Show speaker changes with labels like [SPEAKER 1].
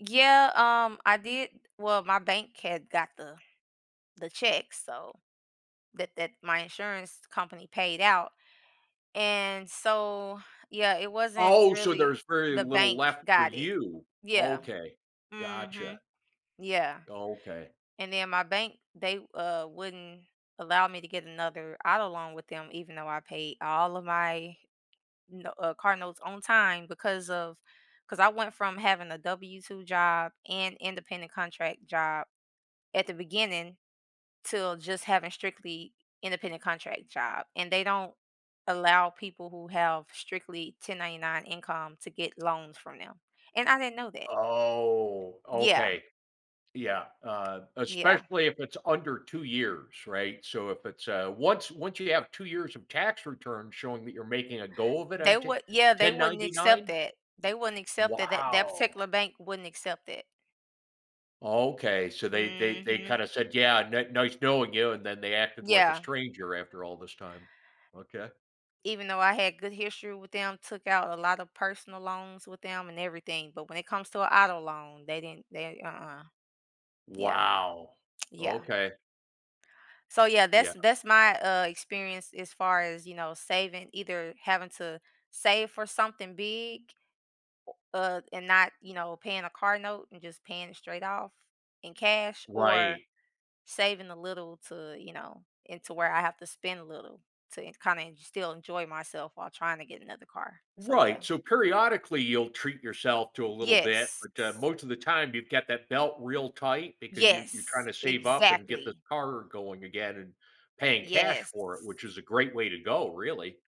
[SPEAKER 1] Yeah, um, I did Well, my bank had got the, the check, so that that my insurance company paid out. And so Yeah, it wasn't
[SPEAKER 2] Oh, so
[SPEAKER 1] really
[SPEAKER 2] there's very
[SPEAKER 1] the
[SPEAKER 2] little
[SPEAKER 1] bank
[SPEAKER 2] left for
[SPEAKER 1] got it.
[SPEAKER 2] you.
[SPEAKER 1] Yeah.
[SPEAKER 2] Okay, gotcha.
[SPEAKER 1] Mhm. Yeah.
[SPEAKER 2] Okay.
[SPEAKER 1] And then my bank, they, uh, wouldn't allow me to get another auto loan with them even though I paid all of my no uh, car notes on time because of, 'cause I went from having a W-2 job and independent contract job at the beginning to just having strictly independent contract job, and they don't allow people who have strictly 1099 income to get loans from them, and I didn't know that.
[SPEAKER 2] Oh,
[SPEAKER 1] Yeah.
[SPEAKER 2] okay. Yeah, uh,
[SPEAKER 1] Yeah.
[SPEAKER 2] especially if it's under 2 years, right, so, if it's, uh once, once you have 2 years of tax returns showing that you're making a go of it
[SPEAKER 1] They
[SPEAKER 2] on
[SPEAKER 1] would yeah, they
[SPEAKER 2] ten
[SPEAKER 1] wouldn't
[SPEAKER 2] ninety
[SPEAKER 1] accept
[SPEAKER 2] nine.
[SPEAKER 1] that. They wouldn't accept that, that that
[SPEAKER 2] Wow!
[SPEAKER 1] particular bank wouldn't accept that.
[SPEAKER 2] Okay so, they they they
[SPEAKER 1] Mhm.
[SPEAKER 2] kinda said, yeah, "ni nice knowing you", and then they acted like a
[SPEAKER 1] Yeah.
[SPEAKER 2] stranger after all this time. Okay.
[SPEAKER 1] Even though, I had good history with them, took out a lotta personal loans with them and everything, but when it comes to a auto loan, they didn't they Uh-uh. Yeah.
[SPEAKER 2] Wow!
[SPEAKER 1] Yeah.
[SPEAKER 2] Okay.
[SPEAKER 1] So, yeah,
[SPEAKER 2] Yeah.
[SPEAKER 1] that's that's my, uh experience as far as, you know, saving either having to save for something big o uh, and not you know, paying a car note and just paying it straight off in cash or
[SPEAKER 2] Right.
[SPEAKER 1] saving a little to, you know into where I have to spend a little to en kinda en still enjoy myself while trying to get another car. So, yeah.
[SPEAKER 2] Right, so, periodically, you'll treat yourself to a little bit,
[SPEAKER 1] Yes.
[SPEAKER 2] but, uh, most of the time you've got that belt real tight because you you're trying
[SPEAKER 1] Yes,
[SPEAKER 2] to save up and get the
[SPEAKER 1] exactly.
[SPEAKER 2] car going again and paying cash
[SPEAKER 1] Yes.
[SPEAKER 2] for it, which is a great way to go, really.